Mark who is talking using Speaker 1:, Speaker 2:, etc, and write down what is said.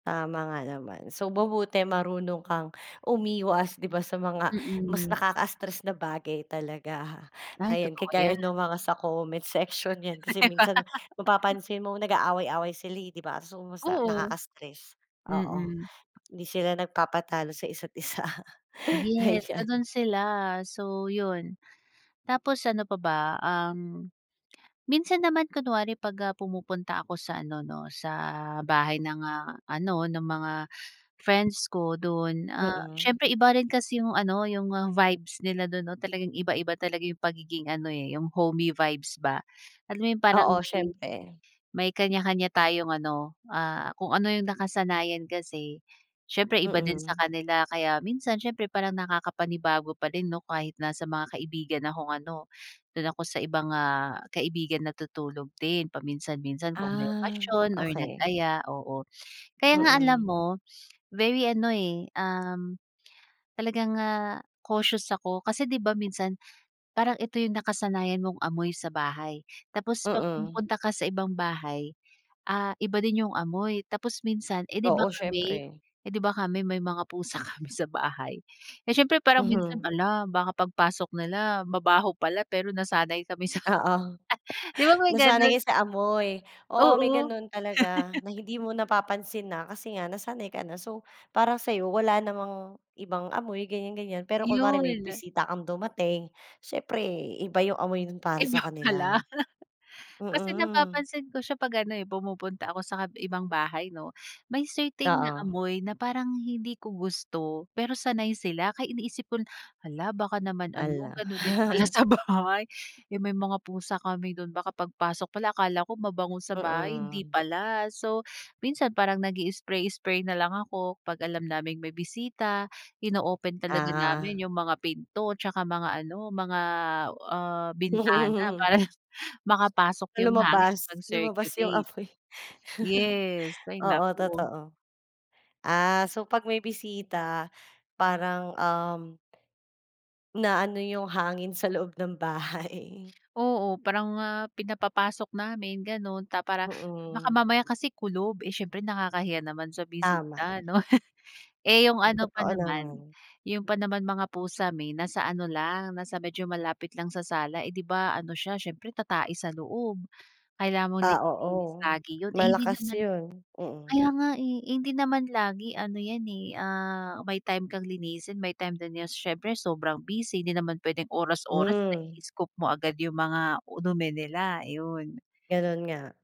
Speaker 1: Tama nga naman. So mabuti marunong kang umiwas, 'di ba, sa mga mas
Speaker 2: Mm.
Speaker 1: nakaka-stress na bagay talaga.
Speaker 2: Ay,
Speaker 1: Ayan,
Speaker 2: totoo
Speaker 1: kagaya
Speaker 2: 'yan.
Speaker 1: ng mga sa comment section 'yan, kasi
Speaker 2: 'Di ba?
Speaker 1: minsan mapapansin mo nag-aaway-away sila, eh, 'di ba, so sa
Speaker 2: Oo.
Speaker 1: nakakastress. Oo,
Speaker 2: Mm.
Speaker 1: hindi sila nagpapatalo sa isa't isa,
Speaker 2: Yes,
Speaker 1: ayan.
Speaker 2: gano'n sila. So 'yon, tapos ano pa ba, um, minsan naman kunwari 'pag, ah, pumupunta ako sa ano, 'no, sa bahay ng, ah, ano ng mga friends ko do'n. Ah,
Speaker 1: Mm.
Speaker 2: siyempre iba rin kasi 'yong ano, 'yong, ah, vibes nila do'n, 'no. Talagang iba-iba talaga 'yong pagiging ano, eh, 'yong homey vibes ba. Alam mo yung parang
Speaker 1: Oo,
Speaker 2: may
Speaker 1: siyempre.
Speaker 2: may kaniya-kaniya tayong ano, ah, kung ano 'yong nakasanayan kasi, siyempre iba din sa
Speaker 1: Mm.
Speaker 2: kanila. Kaya minsan siyempre parang nakakapanibago pa din, 'no, kahit nasa mga kaibigan akong ano, do'n ako sa ibang, ah, kaibigan natutulog din paminsan-minsan kung may
Speaker 1: Ah,
Speaker 2: okasyon or
Speaker 1: okey.
Speaker 2: nag-aya, oo. Kaya nga, alam
Speaker 1: Mm.
Speaker 2: mo very ano, eh, um, talagang, ah, cautious ako, kasi 'di ba minsan parang ito 'yong nakasanayan mong amoy sa bahay. Tapos 'pag
Speaker 1: Mm.
Speaker 2: pumunta ka sa ibang bahay, ah, iba din 'yong amoy. Tapos minsan, eh, 'di ba
Speaker 1: Oo,
Speaker 2: kami,
Speaker 1: siyempre.
Speaker 2: eh, 'di ba kami may mga pusa kami sa bahay, eh, siyempre parang minsan,
Speaker 1: Mhm.
Speaker 2: hala, baka pagpasok nila mabaho pala, pero nasanay kami sa
Speaker 1: Oo,
Speaker 2: 'di ba may
Speaker 1: nasanay
Speaker 2: gano'n?
Speaker 1: ka sa amoy. Oo may
Speaker 2: Oo.
Speaker 1: gano'n talaga na hindi mo napapansin na kasi nga nasanay ka na. So parang sa'yo wala namang ibang amoy, ganiyan, ganiyan. Pero kunwari
Speaker 2: Iyon.
Speaker 1: may bisita kang dumating, siyempre iba 'yong amoy no'n para sa
Speaker 2: Iba
Speaker 1: kanila.
Speaker 2: pala, kasi
Speaker 1: Mm.
Speaker 2: napapansin ko siya 'pag ano, eh, pumupunta ako sa kab ibang bahay, 'no. May certain na
Speaker 1: Oo.
Speaker 2: amoy na parang hindi ko gusto pero sanay sila. Kaya iniisip ko na, hala, baka naman ano
Speaker 1: Hala.
Speaker 2: gano'n din pala sa bahay, eh, may mga pusa kami do'n. Baka pagpasok pala akala ko mabango sa bahay, hindi
Speaker 1: Mm.
Speaker 2: pala. So minsan parang nag-i-spray-spray na lang ako 'pag alam naming may bisita. Ino-open talaga
Speaker 1: Ah.
Speaker 2: namin 'yong mga pinto 'tsaka mga ano, mga, ah, bintana para makapasok
Speaker 1: Na
Speaker 2: 'yong hangin,
Speaker 1: lumabas. Lumabas 'yong
Speaker 2: mag-circulate.
Speaker 1: amoy.
Speaker 2: Yes, ay,
Speaker 1: Oo,
Speaker 2: naku.
Speaker 1: totoo. Ah, so 'pag may bisita, parang um Na-ano 'yong hangin sa loob ng bahay.
Speaker 2: Oo, parang nga pinapapasok namin gano'n. Ta para baka
Speaker 1: Mm.
Speaker 2: mamaya kasi kulob, eh, siyempre nakakahiya naman sa
Speaker 1: Tama.
Speaker 2: bisita 'no. Eh, 'yong
Speaker 1: M
Speaker 2: ano pa
Speaker 1: totoo
Speaker 2: naman,
Speaker 1: naman.
Speaker 2: 'yong pa naman mga pusa may nasa ano lang, nasa medyo malapit lang sa sala. Eh, 'di ba ano siya, siyempre tatae sa loob, kailangan mong
Speaker 1: Ah,
Speaker 2: nililinis
Speaker 1: oo.
Speaker 2: lagi 'yon. Eh, hindi
Speaker 1: Malakas
Speaker 2: naman
Speaker 1: 'yon. Mm.
Speaker 2: kaya nga, eh, hindi naman lagi ano 'yan, eh, ah, may time kang linisin, may time din na siyempre sobrang busy, hindi naman puwedeng oras-oras
Speaker 1: Hmm.
Speaker 2: na-i-scoop mo agad 'yong mga u dumi nila. Ayun.
Speaker 1: Gano'n nga.